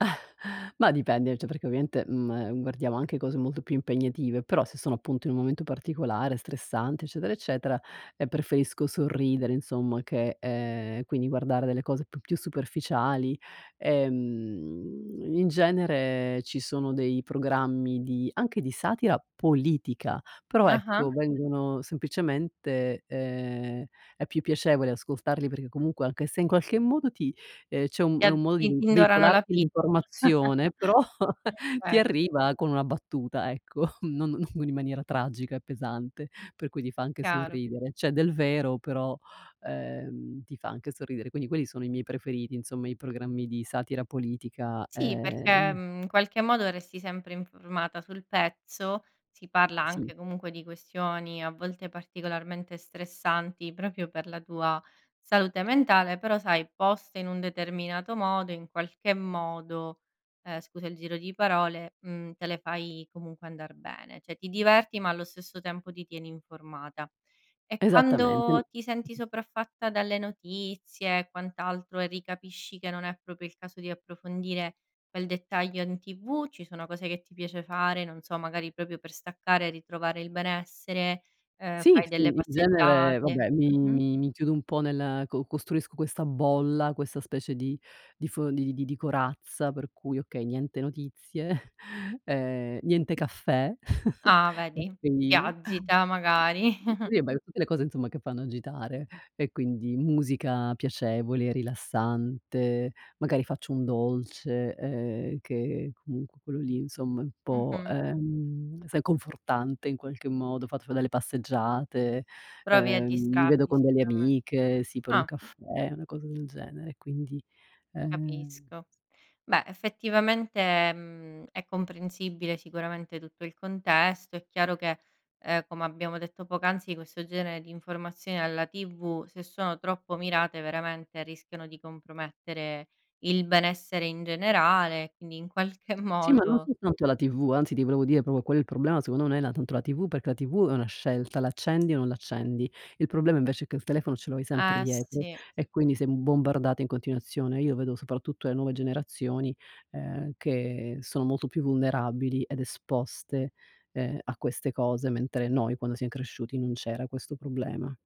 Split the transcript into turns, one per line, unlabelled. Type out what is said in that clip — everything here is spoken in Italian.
Ma dipende, cioè perché ovviamente, mhm, e guardiamo anche cose molto più impegnative, però se sono appunto in un momento particolare, stressante eccetera, eccetera, ehm, preferisco sorridere insomma che ehm, quindi guardare delle cose p più superficiali, ehm, in genere ci sono dei programmi di anche di satira politica, però
Ah-ah.
ecco, vengono semplicemente ehm, è più piacevole ascoltarli perché comunque anche se in qualche modo ti ehm c'è un
E
è
a
un modo
i
di
indorano la
veicolarti
pillola.
l'informazione, però ti
Okay.
arriva con una battuta ecco, non non in maniera tragica e pesante, per cui ti fa anche
Chiaro.
sorridere. C'è del vero, però, ehm, ti fa anche sorridere. Quindi quelli sono i miei preferiti, insomma, i programmi di satira politica,
Sì, perché,
ehm
mhmm, in qualche modo resti sempre informata sul pezzo. Si parla
Sì.
anche comunque di questioni, a volte particolarmente stressanti, proprio per la tua salute mentale, però sai, poste in un determinato modo in qualche modo ehm, scusa il giro di parole, mhmm, te le fai comunque andar bene, cioè ti diverti, ma allo stesso tempo ti tieni informata. E
Esattamente n
quando ti senti sopraffatta, dalle notizie e quant'altro, e ricapisci che non è proprio il caso di approfondire quel dettaglio in TV, ci sono cose che ti piace fare, non so, magari proprio per staccare e ritrovare il benessere, ehm,
Sì,
fai
sì,
delle
in genere
passeggiate
vabbè, mi
mh-mh.
mi chiudo un po' nel co costruisco questa bolla, questa specie di di fo di di di corazza, per cui okay, niente notizie, ehm, niente caffè,
Ah vedi, ti
caffeina.
agita magari.
Sì, beh, tutte le cose insomma che fanno agitare, e quindi musica piacevole, rilassante, magari faccio un dolce, ehm, che comunque quello lì insomma è un po',
Mh-mh.
ehm, sai confortante in qualche modo, ho fatto fa delle passeggiate,
Provi a
ehm, mi vedo
distrarti,
con delle
sicuramen
amiche, sì, per un
ah.
caffè, una cosa del genere, quindi, ehm
Capisco. Beh, effettivamente, mhmm, è comprensibile sicuramente tutto il contesto, è chiaro che, ehm, come abbiamo detto poc'anzi, questo genere di informazioni alla TV, se sono troppo mirate veramente rischiano di compromettere il benessere in generale, quindi in qualche
Sì, ma non
modo
soltanto la TV, anzi ti volevo dire proprio qual è il problema secondo me nonè la tanto la TV, perché la TV è una scelta, l'accendi o non l'accendi. Il problema invece è che il telefono ce lo hai sempre
Eh
dietro,
sì.
e quindi sei bombardata in continuazione. Io vedo soprattutto le nuove generazioni, ehm, che sono molto più vulnerabili ed esposte, ehm, a queste cose, mentre noi quando siam cresciuti, non c'era questo problema.